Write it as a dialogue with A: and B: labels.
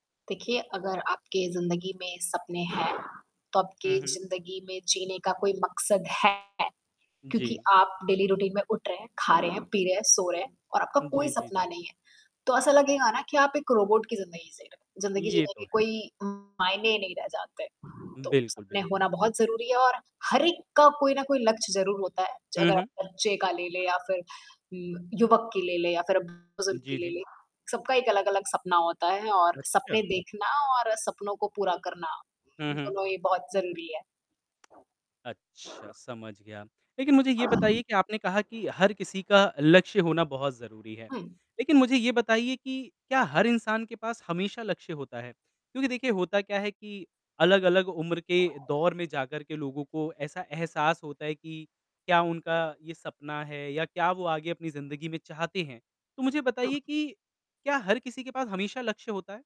A: देखिए, अगर आपके जिंदगी में सपने हैं तो
B: हुँ,
A: आपके
B: हुँ।
A: जिंदगी में जीने का कोई मकसद है। क्योंकि
B: जी।
A: आप डेली रूटीन में उठ रहे हैं, खा रहे हैं, पी रहे हैं, सो रहे हैं और आपका कोई
B: जी, जी,
A: सपना
B: जी।
A: नहीं है। तो ऐसा लगेगा न कि आप एक रोबोट की ज़िंदगी जी रहे ज़िंदगी
B: ये
A: जीने
B: तो
A: के
B: है।
A: कोई मायने ही नहीं रह जाते। तो
B: बिल्कुल,
A: सपने होना
B: बिल्कुल।
A: बहुत ज़रूरी है और हर एक का कोई न कोई लक्ष्य ज़रूर होता है।
B: हुँ,
A: अगर आप
B: हुँ।
A: बच्चे का ले ले या फिर ल युवक की ले ले या फिर अब बुजुर्ग की
B: जी,
A: ले
B: जी।
A: ले। सबका एक अलग अलग सपना होता है और
B: अच्छा।
A: सपने देखना और सपनों को पूरा करना
B: हुँ, हुँ।
A: दोनों ही बहुत ज़रूरी है।
B: अच्छा समझ गया। लेकिन मुझे ये बताइए कि आपने कहा कि हर किसी का लक्ष्य होना बहुत ज़रूरी है।
A: हुँ।
B: लेकिन मुझे ये बताइए कि क्या हर इंसान के पास हमेशा लक्ष्य होता है? क्योंकि देखिए होता क्या है कि अलग-अलग उम्र के दौर में जाकर के लोगों को ऐसा एहसास होता है कि क्या उनका ये सपना है? या क्या वो आगे अपनी ज़िंदगी में चाहते हैं? तो मुझे
A: हुँ।
B: बताइए की क्या हर किसी के पास हमेशा लक्ष्य होता है?